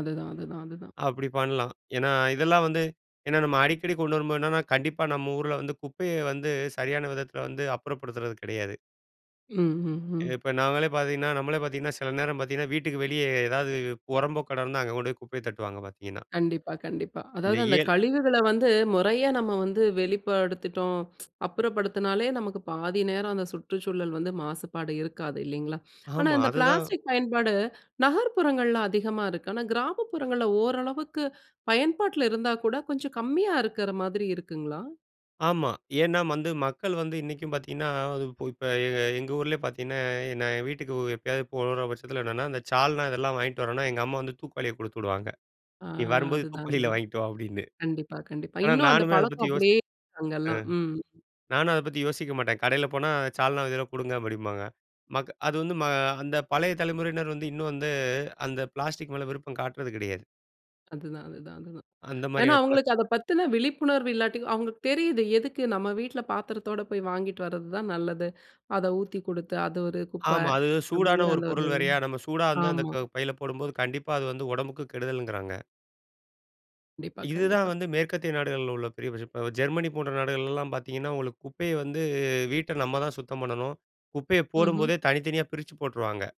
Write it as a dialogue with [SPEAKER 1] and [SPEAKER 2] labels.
[SPEAKER 1] அதுதான் அதுதான் அதுதான்.
[SPEAKER 2] அப்படி பண்லாம். ஏன்னா இதெல்லாம் வந்து, ஏன்னா நம்ம அடிக்கடி கொண்டு வரும்போது என்னன்னா, கண்டிப்பா நம்ம ஊர்ல வந்து, குப்பைய வந்து சரியான விதத்துல வந்து, அப்புறப்படுத்துறது கெடையாது.
[SPEAKER 1] ம்ஹ்ஹும்.
[SPEAKER 2] இப்ப நாங்களே பாத்தீங்கன்னா, நம்மளே பாத்தீங்கன்னா, சில நேரம் பாத்தீங்கன்னா, வீட்டுக்கு வெளியே ஏதாவது, புறம்போக்கு இடம் இருந்தா, அங்க கொண்டு போய், குப்பைய தட்டுவாங்க பாத்தீங்கன்னா.
[SPEAKER 1] கண்டிப்பா கண்டிப்பா. அதாவது அந்த
[SPEAKER 2] நெய்யேல்.
[SPEAKER 1] கழிவுகள வந்து, முறையா நம்ம வந்து, வெளிப்படுத்திட்டோம். அப்புறப்படுத்துனாலே, நமக்கு பாதி நேரம் அந்த சுற்றுச்சூழல் வந்து மாசுபாடு இருக்காது. இல்லைங்களா? ஆனா,
[SPEAKER 2] ஆமா,
[SPEAKER 1] இந்த
[SPEAKER 2] அதுதான்.
[SPEAKER 1] பிளாஸ்டிக் பயன்பாடு, நகர்ப்புறங்கள்ல அதிகமா இருக்கு. ஆனா, கிராமப்புறங்கள்ல ஓரளவுக்கு பயன்பாட்ல இருந்தா கூட, கொஞ்சம் கம்மியா இருக்குற மாதிரி, இருக்குங்களா?
[SPEAKER 2] ஆமா. ஏன்னா வந்து மக்கள் வந்து, இன்னைக்கும் பாத்தீங்கன்னா, இப்ப எ எங்க ஊர்லயே பாத்தீங்கன்னா, நான் என் வீட்டுக்கு எப்பயாவது போற பட்சத்துல என்னென்னா, இந்த சால்னா இதெல்லாம் வாங்கிட்டு வரேன்னா, எங்க அம்மா வந்து தூக்குவாளிய குடுத்து விடுவாங்க.
[SPEAKER 1] ஆ,
[SPEAKER 2] "நீ வரும்போது
[SPEAKER 1] அதுதான்
[SPEAKER 2] தூக்குவாளில
[SPEAKER 1] அதுதான்.
[SPEAKER 2] வாங்கிட்டு வா" அப்படின்னு.
[SPEAKER 1] கண்டிப்பா கண்டிப்பா.
[SPEAKER 2] ஆனா
[SPEAKER 1] இன்னும் அந்த
[SPEAKER 2] நானுமே அத பத்தி
[SPEAKER 1] பழக்கம்
[SPEAKER 2] யோசி
[SPEAKER 1] அப்படியே
[SPEAKER 2] ஆ.
[SPEAKER 1] அங்கலாம், ம்.
[SPEAKER 2] நானும் அத பத்தி யோசிக்க மாட்டேன். கடையில போனா, சால்னா இதுல்ல குடுங்க அப்படிம்பாங்க. மக் அது வந்து ம அந்த பழைய தலைமுறையினர் வந்து, இன்னும் வந்து, அந்த பிளாஸ்டிக் மேல விருப்பம் காட்றது கிடையாது.
[SPEAKER 1] அதுதான் அதுதான் அதுதான்.
[SPEAKER 2] அந்த
[SPEAKER 1] ஏன்னா
[SPEAKER 2] மாரியான பழக்
[SPEAKER 1] அவுங்களுக்கு, அத பத்தின விழிப்புணர்வு இல்லாட்டி, அவங்கக்கு தெரியுது, எதுக்கு நம்ம வீட்ல பாத்தரத்தோடு போய், வாங்கிட்டு வரதுதான் நல்லது. அத ஊத்தி கொடுத்து, அது ஒரு குப்ப.
[SPEAKER 2] ஆமா. அது சூடான
[SPEAKER 1] அப்படிங்கிற
[SPEAKER 2] ஒரு
[SPEAKER 1] அந்த ஒரு
[SPEAKER 2] பொருள் வேறயா. நம்ம சூடா வந்து, அந்த
[SPEAKER 1] ஆமா.
[SPEAKER 2] பையில போடும்போது, கண்டிப்பா அது வந்து, உடம்புக்கு கெடுதல்ங்கிறாங்க.
[SPEAKER 1] கண்டிப்பா
[SPEAKER 2] இதுதான்
[SPEAKER 1] கண்டிப்பா.
[SPEAKER 2] வந்து, மேற்கத்திய நாடுகள்ல உள்ள பெரிய பிரச் இப்போ ஜெர்மனி போன்ற நாடுகள்லலாம் பாத்தீங்கன்னா, உங்களுக்கு குப்பைய வந்து, வீட்ட நம்ம தான் சுத்தம் பண்ணணும். குப்பைய
[SPEAKER 1] ம்ஹ்ம்.
[SPEAKER 2] போடும்போதே, தனித்தனியா பிரிச்சு போட்டுருவாங்க.